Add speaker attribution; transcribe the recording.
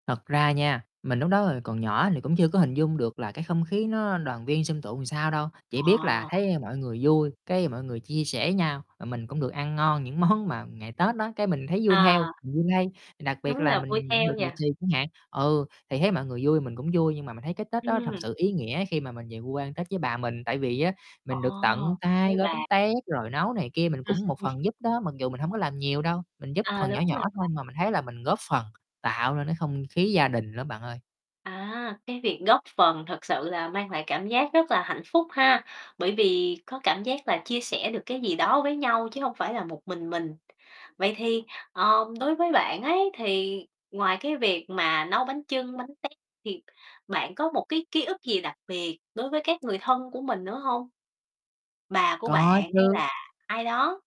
Speaker 1: Thật ra nha, mình lúc đó, ờ, còn nhỏ thì cũng chưa có hình dung được là cái không khí nó đoàn viên, xôm tụ sao đâu. Chỉ biết là
Speaker 2: Ờ.
Speaker 1: thấy mọi người vui, cái mọi người chia sẻ nhau, mà mình cũng được ăn ngon những món mà ngày Tết á, cái mình thấy vui theo,
Speaker 2: À.
Speaker 1: mình vui lây, đặc biệt
Speaker 2: Đúng
Speaker 1: là
Speaker 2: là vui
Speaker 1: mình nhận được
Speaker 2: theo nhỉ.
Speaker 1: lì xì chẳng hạn. Ừ, thì thấy mọi người vui mình cũng vui, nhưng mà mình thấy cái Tết đó thật
Speaker 2: Ừm.
Speaker 1: sự ý nghĩa khi mà mình về quê Tết với bà mình, tại vì á
Speaker 2: Ờ,
Speaker 1: mình được tận tay
Speaker 2: với
Speaker 1: gói bánh
Speaker 2: bà.
Speaker 1: tét, rồi nấu này kia mình cũng một phần giúp đó, mặc dù mình hổng có làm nhiều đâu, mình giúp
Speaker 2: À,
Speaker 1: phần nhỏ
Speaker 2: đúng là
Speaker 1: nhỏ thôi
Speaker 2: vậy.
Speaker 1: mà mình thấy là mình góp phần tạo nên cái không khí gia đình lắm bạn ơi.
Speaker 2: À, cái việc góp phần thực sự là mang lại cảm giác rất là hạnh phúc ha, bởi vì có cảm giác là chia sẻ được cái gì đó với nhau, chứ hông phải là một mình mình. Vậy thì, ờm, đối với bạn ấy thì ngoài cái việc mà nấu bánh chưng, bánh tét thì bạn có một cái ký ức gì đặc biệt đối với các người thân của mình nữa hông? Bà của bạn
Speaker 1: Có
Speaker 2: hay
Speaker 1: chứ.
Speaker 2: là ai đó?